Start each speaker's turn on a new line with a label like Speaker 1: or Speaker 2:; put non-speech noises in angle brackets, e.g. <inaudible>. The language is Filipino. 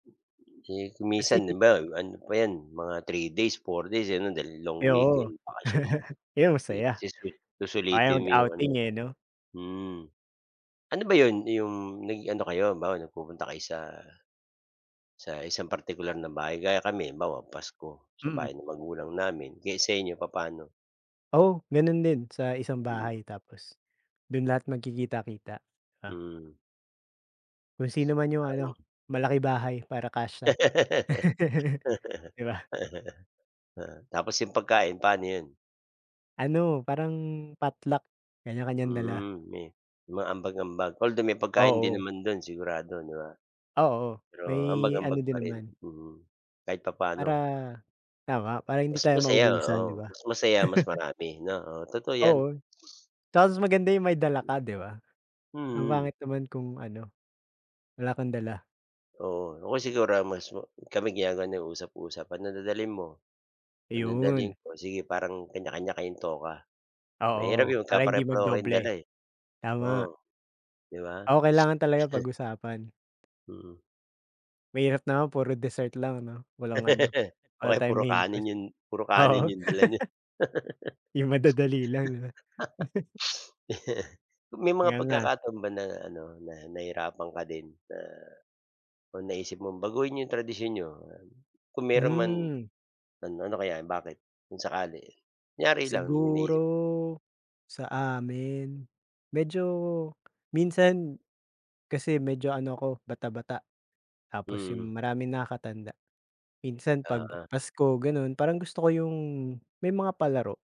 Speaker 1: Eh, kung minsan
Speaker 2: Kasi
Speaker 1: 'di ba, ano pa 'yan mga 3 days, 4 days, eh, 'no, dahil long
Speaker 2: Ay oo.
Speaker 1: weekend bakasyon.
Speaker 2: <chuckles> Pero
Speaker 1: Eh,
Speaker 2: masaya.
Speaker 1: suswel
Speaker 2: Ayaw
Speaker 1: susulitin mo yung ano,
Speaker 2: mag-outing eh 'no?
Speaker 1: mm. Ano ba 'yon 'yong nag ano kayo halimbawa, nagpupunta kayo sa sa 1 isang partikular na bahay gaya kami halimbawa Pasko sa
Speaker 2: Mm.
Speaker 1: bahay ng magulang namin. Eh, sa inyo papaano?
Speaker 2: Oo, gano'n din sa isang
Speaker 1: Mm.
Speaker 2: bahay, tapos do'n lahat magkikita-kita, ah.
Speaker 1: Mm.
Speaker 2: Kung sino man yung
Speaker 1: Parang
Speaker 2: ano malaki bahay, para kasya.
Speaker 1: <laughs>
Speaker 2: <chuckles> Di ba?
Speaker 1: Oo, tapos 'yong pagkain paano 'yon?
Speaker 2: Ano, parang potluck, kanya-kanyang dala.
Speaker 1: Mm, me mga ambag-ambag, although may pagkain din
Speaker 2: Oo.
Speaker 1: naman do'n sigurado, di ba?
Speaker 2: Oo,
Speaker 1: Pero
Speaker 2: may
Speaker 1: ambag-ambag
Speaker 2: ano
Speaker 1: pa
Speaker 2: din
Speaker 1: rin?
Speaker 2: naman
Speaker 1: Mm, kahit
Speaker 2: para
Speaker 1: papaano?
Speaker 2: tama. Para hindi
Speaker 1: Mas
Speaker 2: tayo
Speaker 1: masaya,
Speaker 2: maubusan, di
Speaker 1: oo.
Speaker 2: ba?
Speaker 1: Mas masaya mas marami, no? Oo, totoo
Speaker 2: <chuckles>
Speaker 1: yan.
Speaker 2: Oo, tapos maganda yung may dala ka, di ba? Ang
Speaker 1: Mm.
Speaker 2: pangit naman kung ano, wala kang dala.
Speaker 1: Oo, o kaya siguro mas ma kami ginagawa namin usap-usap, ano dadalhin mo, ano dadalhin
Speaker 2: Ayun.
Speaker 1: ko? Sige, parang kanya-kanya kayong toka. Mahirap
Speaker 2: Oo,
Speaker 1: 'yong
Speaker 2: para hindi
Speaker 1: magkapare-pareho kayong dala,
Speaker 2: mag-doble.
Speaker 1: eh.
Speaker 2: Tama.
Speaker 1: Oo, di ba?
Speaker 2: Oo, kailangan
Speaker 1: <sniffs>
Speaker 2: talaga
Speaker 1: <chuckles>
Speaker 2: pag-usapan.
Speaker 1: Mm.
Speaker 2: Mahirap naman puro dessert lang 'no, walang ano,
Speaker 1: <laughs> O
Speaker 2: wala
Speaker 1: kaya
Speaker 2: tayong
Speaker 1: puro
Speaker 2: main
Speaker 1: kanin
Speaker 2: course.
Speaker 1: 'yon puro kanin
Speaker 2: Oo.
Speaker 1: yung dala nyo.
Speaker 2: <laughs>
Speaker 1: <laughs> <sniffs>
Speaker 2: Yung madadali lang, no? <chuckles>
Speaker 1: <chuckles> May mga
Speaker 2: Nganga.
Speaker 1: pagkakataon ba na ano na nahirapan ka din na, kung naisip mong baguhin 'yong tradisyon niyo, kung mayro'n man,
Speaker 2: Hmm.
Speaker 1: ano ano kaya bakit, kung sakali? Kunyari lang may naisip
Speaker 2: Siguro, sa amin, medyo minsan kasi medyo ano ko bata-bata, tapos
Speaker 1: Mm.
Speaker 2: yung, maraming nakakatanda. Minsan pag
Speaker 1: Oo.
Speaker 2: Pasko gano'n. Parang gusto ko yung, may mga palaro.